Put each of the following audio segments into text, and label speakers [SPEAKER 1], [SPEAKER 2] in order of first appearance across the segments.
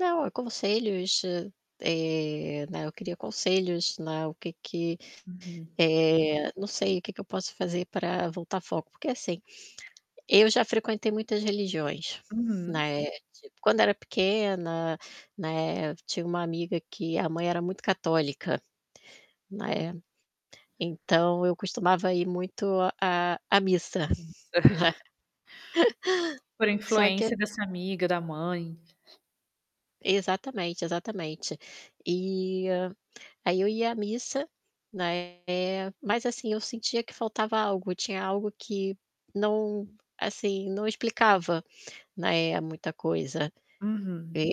[SPEAKER 1] Não, é conselhos, ah eh, né, eu queria conselhos, né, o que que,
[SPEAKER 2] Uhum.
[SPEAKER 1] eh, não sei o que que eu posso fazer para voltar foco, porque assim, eu já frequentei muitas religiões,
[SPEAKER 2] Uhum.
[SPEAKER 1] né, tipo, quando era pequena, né, tinha uma amiga que a mãe era muito católica, né. Então eu costumava ir muito à à
[SPEAKER 2] É
[SPEAKER 1] missa, né.
[SPEAKER 2] isso. Por
[SPEAKER 1] Só que
[SPEAKER 2] influência dessa amiga, da mãe.
[SPEAKER 1] exatamente, exatamente. Eh, aí eu ia à missa, né, mas assim, eu sentia que faltava algo, tinha algo que não, assim, não explicava, né, muita coisa.
[SPEAKER 2] Uhum,
[SPEAKER 1] É,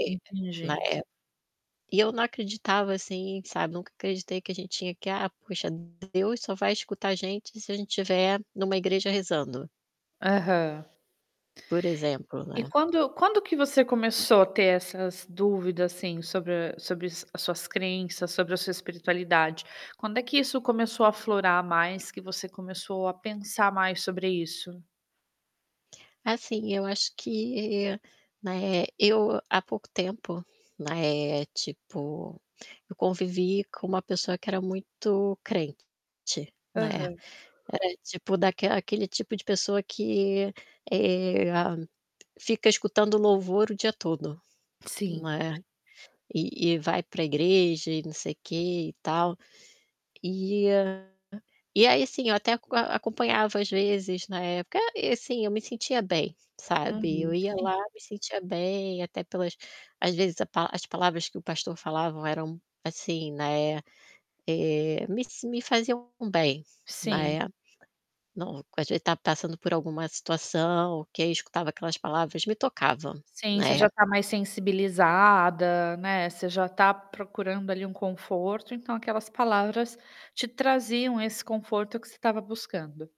[SPEAKER 1] na
[SPEAKER 2] entendi.
[SPEAKER 1] é. E eu não acreditava, assim, sabe. Nunca acreditei que a gente tinha que: "Ah, poxa, Deus só vai escutar a gente se a gente tiver numa igreja rezando".
[SPEAKER 2] Aham.
[SPEAKER 1] Por exemplo,
[SPEAKER 2] E
[SPEAKER 1] né.
[SPEAKER 2] quando quando que você começou a ter essas dúvidas, assim, sobre a sobre as as suas crenças, sobre a sua espiritualidade? Quando é que isso começou aflorar mais, que você começou a pensar mais sobre isso?
[SPEAKER 1] Assim, eu acho que, né, eu há pouco tempo, né, tipo, eu convivi com uma pessoa que era muito crente, né.
[SPEAKER 2] Aham.
[SPEAKER 1] Era tipo daquela aquele tipo de pessoa que, eh, fica escutando louvor o dia todo, não
[SPEAKER 2] Sim.
[SPEAKER 1] é. E e vai para igreja e não sei o quê e tal. Eh, e aí assim, eu até aco acompanhava às vezes, na época ah, e assim, eu me sentia bem, sabe.
[SPEAKER 2] Uhum,
[SPEAKER 1] Eu ia
[SPEAKER 2] sim.
[SPEAKER 1] lá, me sentia bem, até pelas às vezes a pa as palavras que o pastor falavam eram, assim, né, eh, me s me faziam bem,
[SPEAKER 2] Sim.
[SPEAKER 1] né. Não, co às vezes tava passando por alguma situação, que aí escutava aquelas palavras, me tocava,
[SPEAKER 2] Sim, você
[SPEAKER 1] né.
[SPEAKER 2] já tá mais sensibilizada, né. Você já tá procurando ali um conforto, então aquelas palavras te traziam esse conforto que você tava buscando.